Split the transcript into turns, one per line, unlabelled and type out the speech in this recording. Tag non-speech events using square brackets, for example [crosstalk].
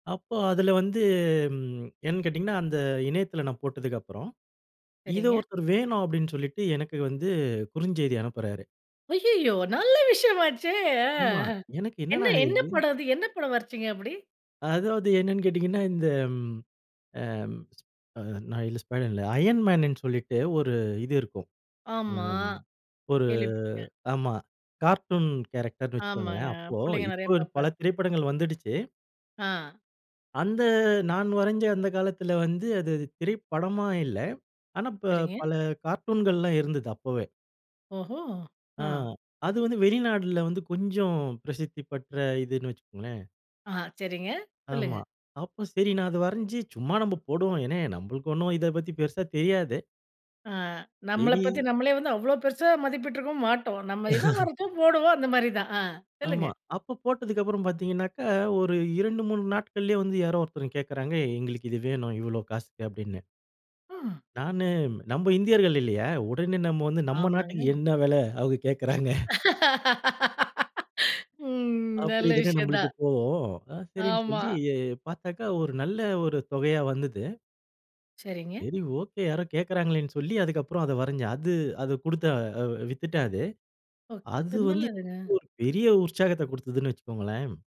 அப்போ அதில வந்து ம் என்னன்னு கேட்டிங்கன்னா அந்த இணையத்தில நான் போட்டதுக்கு அப்புறம். இத
சரிங்க.
ஒருத்தர் வேணும் அப்படின்னு சொல்லிட்டு எனக்கு வந்து குறுஞ்செய்தி அனுப்புறாரு.
அய்யய்யோ! நல்ல விஷயம் ஆச்சே. ஆ
ஆமா. எனக்கு
என்ன
என்னடா
என்ன
இது?
படம் அது என்ன படம் வரஞ்சீங்க அப்படி?
அதாவது என்னன்னு கேட்டீங்கன்னா, இந்த அ நா இல்ல ஸ்பைடர் இல்ல, ஐயன் மேன்ன்னு சொல்லிட்டு ஒரு இது இருக்கும்.
ஆமா
ஒரு
கேள்விப்பட்டுருக்கேன்.
ஆமா கார்ட்டூன் கேரக்டர்ன்னு
ஆமாங்க.
வச்சுக்கோங்களேன் அப்போ.
புள்ளைங்க நெறைய
இப்போ பல
பாக்பாங்.
திரைப்படங்கள் வந்துடுச்சு.
ஆ.
அந்த நான் வரைஞ்ச அந்த காலத்தில வந்து, அது திரைப்படமா இல்ல. ஆனா இப்போ
சரிங்க.
பல கார்ட்டூன்கள்லாம் இருந்தது அப்பவே.
ஓஹோ! ஆ.
ஆ. அது வந்து வெளிநாட்டில வந்து கொஞ்சம் பிரசித்தி பெற்ற இதுன்னு வச்சுக்கோங்களேன்.
ஆ, சரிங்க. சொல்லுங்க.
ஆமா. அப்போ சரி நான் அத வரஞ்சு, சும்மா நம்ம போடுவோம். ஏன்னா நம்மளுக்கு ஒண்ணும் இத பத்தி பெருசா தெரியாது.
ஆ நம்மள பத்தி
சரி,
நம்மளே வந்து அவ்ளோ பெருசா மதிப்பிட்டுருக்கவும் மாட்டோம். நம்ம எதோ
[chuckles]
வரஞ்சோம் போடுவோம். அந்த மாரி தான். ஆ
ஆமா.
சொல்லுங்க.
அப்போ போட்டதுக்கு அப்புறம் பார்த்தீங்கனாக்க, ஒரு 2 3 நாட்கள்லயே வந்து யாரோ ஒருத்தர் கேக்கறாங்க, "எங்களுக்கு இது வேணும். இவ்வளவு காசுக்கு" அப்படின்னு.
ம்.
நானு, நம்ம இந்தியர்கள் இல்லையா? உடனே நம்ம வந்து நம்ம நாட்டுக்கு
ஆமாங்க.
என்ன வெல அவங்க கேக்கறாங்க.
[laughs] ம்.
அப்படி
நல்ல
தானே நம்மளுக்கு
விஷயந்தான்.
தோணும். நா சரின்னு
ஆமா.
சொல்லி பார்த்தாக்கா, ஒரு நல்ல ஒரு தொகையா வந்தது.
சரிங்க.
சரி, ஓகே. யாரோ கேக்கறாங்களேன்னு சொல்லி அதுக்கப்புறம் அத வரஞ்சேன். அது அத கொடுத்த வித்துட்டேன் அது.
ஓ.
அது
திரு
வந்து
நல்லதுங்க.
[unintelligible] ஒரு பெரிய உற்சாகத்தக் கொடுத்ததுன்னு வச்சுக்கோங்களேன்.